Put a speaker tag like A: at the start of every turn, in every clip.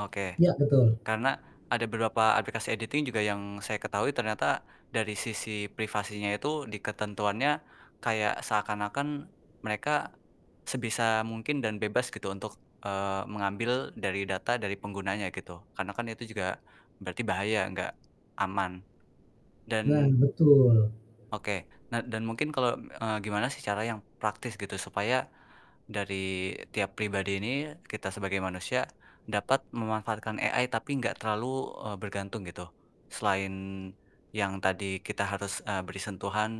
A: Oke.
B: Ya, betul.
A: Karena ada beberapa aplikasi editing juga yang saya ketahui ternyata dari sisi privasinya itu di ketentuannya kayak seakan-akan mereka sebisa mungkin dan bebas gitu untuk, eee, mengambil dari data dari penggunanya gitu. Karena kan itu juga berarti bahaya, nggak aman.
B: Nah,
A: Dan
B: betul.
A: Oke, nah dan mungkin kalo, eee, gimana sih cara yang praktis gitu supaya dari tiap pribadi ini, kita sebagai manusia dapat memanfaatkan AI tapi gak terlalu, eee, bergantung gitu. Selain yang tadi kita harus, eee, beri sentuhan,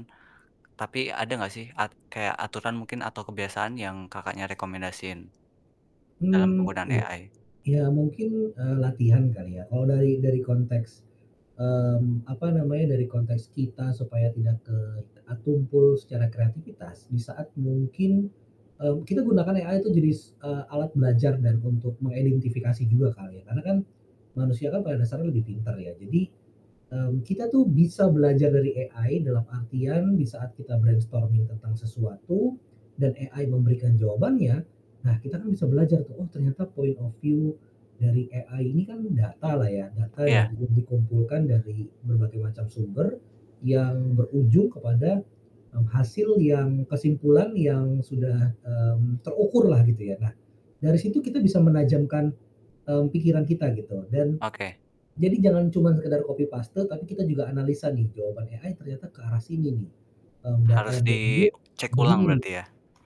A: tapi ada gak sih at kayak aturan mungkin atau kebiasaan yang Kakaknya rekomendasiin, dalam
B: Mmm,
A: penggunaan
B: iya,
A: AI?
B: ya mungkin, eee, latihan kali ya. Kalau dari dari konteks, mmm, apa namanya dari konteks kita supaya tidak ke e tumpul secara kreativitas, di saat mungkin, eee, kita gunakan AI tuh jadi, eee, alat belajar dan untuk mengidentifikasi juga kali ya. Karena kan manusia kan pada dasarnya lebih pintar ya. Jadi, mmm, kita tuh bisa belajar dari AI dalam artian di saat kita brainstorming tentang sesuatu dan AI memberikan jawabannya, nah kita kan bisa belajar tuh, oh ternyata point of view dari AI ini kan data lah ya, data
A: Iya.
B: dari yang dikumpulkan dari berbagai macam sumber yang berujung kepada, mmm, hasil yang kesimpulan yang sudah, mmm, terukurlah gitu ya. Nah dari situ kita bisa menajamkan, eee, pikiran kita gitu, dan
A: Oke.
B: jadi jangan cuma sekedar copy paste tapi kita juga analisa nih jawaban AI ternyata ke arah sini nih, mmm, data
A: Harus
B: yang
A: di
B: diunduh
A: cek ulang
B: begini nih
A: berarti ya.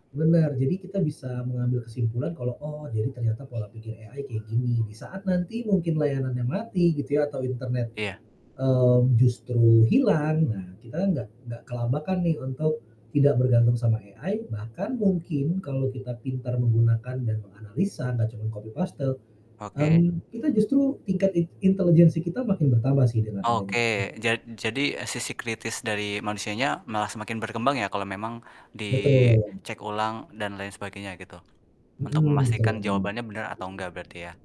B: benar, jadi kita bisa mengambil kesimpulan kalau, oh jadi ternyata pola pikir AI kayak gini. Di saat nanti mungkin layanannya mati gitu ya atau internet,
A: Iya.
B: eee, justru hilang, nah, kita kan nggak nggak kelabakan nih untuk tidak bergantung sama AI, bahkan mungkin kalau kita pintar menggunakan dan menganalisa, nggak cuman copy paste,
A: Oke.
B: mmm, kita justru tingkat int intelegensi kita makin bertambah sih dengan
A: Oke,
B: adanya AI.
A: jad jadi sisi kritis dari manusianya malah semakin berkembang ya kalau memang
B: Betul.
A: dicek ulang dan lain sebagainya gitu, untuk memastikan
B: Mhm. [unintelligible]
A: jawabannya benar atau enggak berarti ya.